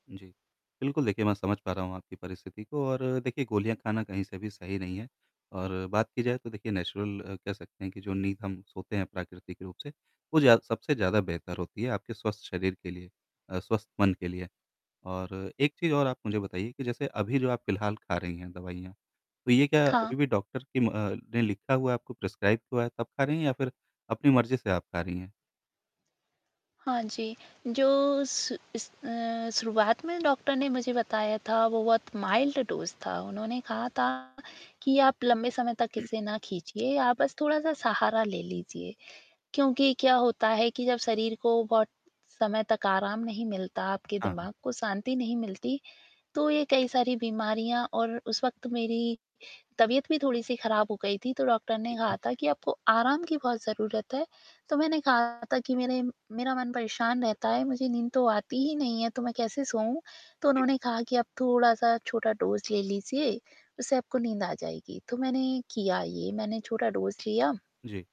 जी, बिल्कुल, देखिए मैं समझ पा रहा हूँ आपकी परिस्थिति को और देखिए गोलियाँ खाना कहीं से भी सही नहीं है और बात की जाए तो देखिए नेचुरल कह सकते हैं कि जो नींद हम सोते हैं प्राकृतिक रूप से, वो ज़्या सबसे ज़्यादा बेहतर होती है आपके स्वस्थ शरीर के लिए अ, स्वस्थ मन के लिए और एक चीज़ और आप मुझे बताइए कि जैसे अभी जो आप फिलहाल खा रही हैं दवाइयाँ तो ये क्या हाँ। अभी भी डॉक्टर की म अ, ने लिखा हुआ है आपको प्रिस्क्राइब हुआ है तब खा रही हैं या फिर अपनी मर्जी से आप खा रही हैं? हाँ जी। जो शु इस अ, शुरुआत में डॉक्टर ने मुझे बताया था वो बहुत माइल्ड डोज़ था। उन्होंने कहा था कि आप लंबे समय तक इसे ना खींचिए आप बस थोड़ा-सा सहारा ले लीजिए क्योंकि क्या होता है कि जब शरीर को बहुत समय तक आराम नहीं मिलता, आपके हाँ, हाँ। दिमाग को शांति नहीं मिलती, तो ये कई सारी बीमारियाँ और उस वक़्त मेरी तबियत भी थोड़ी-सी ख़राब हो गई थी तो डॉक्टर ने ठीक है। कहा था कि आपको आराम की बहुत ज़रूरत है तो मैंने कहा था कि मेरे मेरा मन परेशान रहता है मुझे नींद तो आती ही नहीं है, तो मैं कैसे सोऊँ तो जी। उन्होंने कहा कि आप थोड़ा-सा छोटा डोज़ ले लीजिए उससे आपको नींद आ जाएगी तो मैंने किया ये मैंने छोटा डोज़ लिया। जी।